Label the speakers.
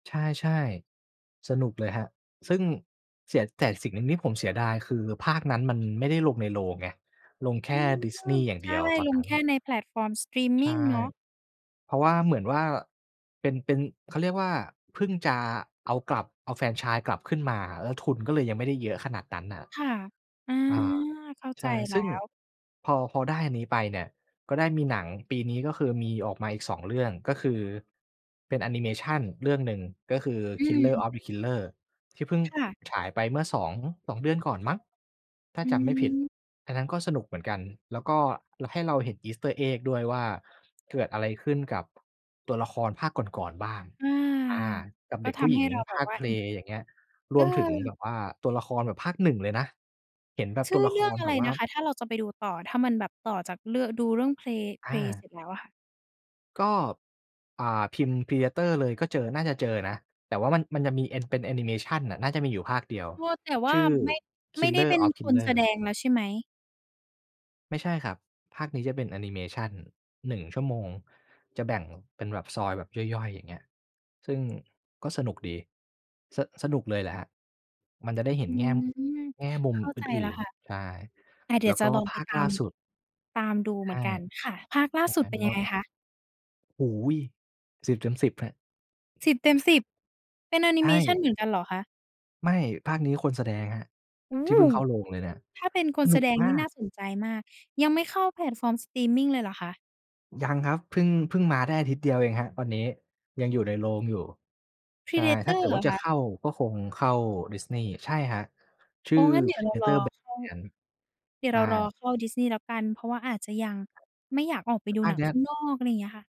Speaker 1: ใช่ ๆ สนุกเลยครับ ซึ่งเสีย แต่อีกสิ่งหนึ่งที่ผมเสียดาย คือภาคนั้นมัน ไม่ได้ลงในโรงไง ลงแค
Speaker 2: อื
Speaker 1: ่
Speaker 2: ม
Speaker 1: Disney อย่าง
Speaker 2: ใช
Speaker 1: เดี
Speaker 2: ่
Speaker 1: ยวตอน
Speaker 2: ล
Speaker 1: น
Speaker 2: ง
Speaker 1: ั้
Speaker 2: แ
Speaker 1: น
Speaker 2: ค่ในแพลตฟอร์มสตรีมม
Speaker 1: ใช
Speaker 2: ิง
Speaker 1: ่
Speaker 2: เนาะ
Speaker 1: เพราะว่าเหมือนว่าเป็น เป็น เขาเรียกว่าเพิ่งจะเอากลับ เอาแฟรนไชส์กลับขึ้นมา แล้วทุนก็เลยยังไม่ได้เยอะขนาดนั้น น่ะ
Speaker 2: ค่ะ อา
Speaker 1: อา
Speaker 2: เข้า
Speaker 1: ใ
Speaker 2: ใ
Speaker 1: ช
Speaker 2: จ
Speaker 1: ่
Speaker 2: แล
Speaker 1: ซ
Speaker 2: ้
Speaker 1: ึ่ง
Speaker 2: ว
Speaker 1: พอ พอได้อันนี้ไปเนี่ยก็ได้มีหนังปีนี้ ก็คือมีออกมาอีก 2 เรื่อง ก็คือเป็นแอนิเมชันเรื่องหนึ่งก็คือ
Speaker 2: อ
Speaker 1: "Killer
Speaker 2: ืม
Speaker 1: of Killers" ที่เพิ่ง
Speaker 2: ค่ะ
Speaker 1: ฉายไปเมื่อสอง 2 เดือนก่อนมั้ง ถ้า
Speaker 2: อื
Speaker 1: จำไม่ผิด
Speaker 2: ม
Speaker 1: อันนั้นก็สนุกเหมือนกัน แล้วก็ ล ให้เราเห็น Easter Egg ด้วยว่า เกิดอะไรขึ้นกับ ตัวละครภาคก่อน ๆ บ้าง
Speaker 2: อา
Speaker 1: อ่า กับ
Speaker 2: ก
Speaker 1: เ
Speaker 2: ็
Speaker 1: ด็ก
Speaker 2: ท
Speaker 1: ผู้
Speaker 2: ำ
Speaker 1: ห
Speaker 2: ใ
Speaker 1: ญ
Speaker 2: ห
Speaker 1: ิ
Speaker 2: ้
Speaker 1: ง
Speaker 2: เราแบ
Speaker 1: ภ
Speaker 2: บ
Speaker 1: าค
Speaker 2: ว่า อ
Speaker 1: Prey อย่างเงี้ย รวมถึงแบ
Speaker 2: เออ
Speaker 1: บว่าตัวละครแบบภาค 1 เลยนะ เห็นแบบ
Speaker 2: ชื
Speaker 1: ตั
Speaker 2: ่
Speaker 1: ว
Speaker 2: อ
Speaker 1: ละ
Speaker 2: เร
Speaker 1: ค
Speaker 2: ื่อง
Speaker 1: ร
Speaker 2: อะ
Speaker 1: แบ
Speaker 2: ไร
Speaker 1: บว่า
Speaker 2: นะคะ ถ้าเราจะไปดูต่อ ถ้ามันแบบต่อจากเรื่อง ดูเรื่อง Prey
Speaker 1: อ
Speaker 2: Prey เส
Speaker 1: า
Speaker 2: ร็จแล้วอะค่ะ?
Speaker 1: ก็ อ่า พิมพ์ Predator เลย ก็เจอ น่าจะเจอนะ แต่ว่ามัน มันจะมีเอ็น เป็นแอนิเมชันน่ะ น่าจะมีอยู่ภาคเดียว
Speaker 2: มัวแต่ว่
Speaker 1: ช
Speaker 2: า
Speaker 1: ื่อ
Speaker 2: ไม่ ไม่ได้
Speaker 1: "Killer
Speaker 2: เป็น
Speaker 1: of
Speaker 2: คนแสด
Speaker 1: Killers"
Speaker 2: งแล้วใช่ไหม?
Speaker 1: ไม่ใช่ครับ ภาคนี้จะเป็นแอนิเมชัน 1 ชั่วโมง จะแบ่งเป็นแบบซอยแบบย่อย ๆ อย่างเงี้ย ซึ่ง ก็สนุกดี ส สนุกเลยแหละครับ มันจะได้เห
Speaker 2: อ
Speaker 1: ็
Speaker 2: ื
Speaker 1: นแง่
Speaker 2: ม
Speaker 1: แง่มุ
Speaker 2: เ
Speaker 1: ม
Speaker 2: ข้า
Speaker 1: อ
Speaker 2: ใจแล
Speaker 1: ื
Speaker 2: ้
Speaker 1: ่
Speaker 2: ว
Speaker 1: น
Speaker 2: ค่ะ
Speaker 1: ๆ ใช่
Speaker 2: แต่เดี๋
Speaker 1: แ
Speaker 2: ย
Speaker 1: ล
Speaker 2: ว
Speaker 1: ้ว
Speaker 2: จ
Speaker 1: ก
Speaker 2: ะ
Speaker 1: ็
Speaker 2: ลอง
Speaker 1: ภ
Speaker 2: ไป
Speaker 1: าค
Speaker 2: ตา
Speaker 1: ล่
Speaker 2: ม
Speaker 1: าสุด
Speaker 2: ตามดู
Speaker 1: ใช
Speaker 2: เหมื
Speaker 1: ่
Speaker 2: อนกัน ค่ะ ภาคล่
Speaker 1: ใ
Speaker 2: า
Speaker 1: ช่
Speaker 2: ส
Speaker 1: ไ
Speaker 2: ุ
Speaker 1: หม
Speaker 2: ดเป็นยังไง
Speaker 1: ม
Speaker 2: คะ?
Speaker 1: โอ้โฮ 10 เต็ม 10 ครับ
Speaker 2: 10 เต็ม 10 เป็นแอนิ
Speaker 1: ใช
Speaker 2: เ
Speaker 1: ่
Speaker 2: มชัน เหมือนกันเหรอคะ?
Speaker 1: ไม่ ภาคนี้คนแสดงครับ
Speaker 2: โอ้
Speaker 1: ที
Speaker 2: โ
Speaker 1: ่
Speaker 2: ฮ
Speaker 1: เพิ่งเข้าโรงเลย เนี่ย
Speaker 2: ถ้าเป็นค
Speaker 1: ส
Speaker 2: นแ
Speaker 1: น
Speaker 2: ส
Speaker 1: ุก
Speaker 2: ดง
Speaker 1: มา
Speaker 2: นี่น่
Speaker 1: ก
Speaker 2: าสนใจมาก ยังไม่เข้าแพลตฟอร์มสตรีมมิงเลยเหรอคะ?
Speaker 1: ยังครับ เพิ่ง เพิ่งมาได้อาทิตย์เดียวเองครับตอนนี้ ยังอยู่ในโรงอยู่ ใช่ ถ้าเ
Speaker 2: Predator
Speaker 1: กิด
Speaker 2: เหร
Speaker 1: ว่
Speaker 2: อ
Speaker 1: าจ
Speaker 2: ค
Speaker 1: ะเข
Speaker 2: ะ?
Speaker 1: ้าก็คงเข้า Disney ใช่ครับ ชื
Speaker 2: อ
Speaker 1: ่
Speaker 2: ๋อ
Speaker 1: อ
Speaker 2: งั้น เดี๋ยวเรารอ
Speaker 1: "Predator
Speaker 2: เข้า
Speaker 1: Badlands"
Speaker 2: เดี๋ย
Speaker 1: ใ
Speaker 2: ว
Speaker 1: ช
Speaker 2: เร
Speaker 1: ่
Speaker 2: ารอเข้า Disney แล้วกันเพราะว่าอาจจะยัง
Speaker 1: ครับ
Speaker 2: ไม่อยากออกไปดู
Speaker 1: อา
Speaker 2: หน
Speaker 1: จ
Speaker 2: ัง
Speaker 1: ย
Speaker 2: ข
Speaker 1: ั
Speaker 2: ้า
Speaker 1: ด
Speaker 2: งนอก อะไรอย่างเงี้ยค่ะ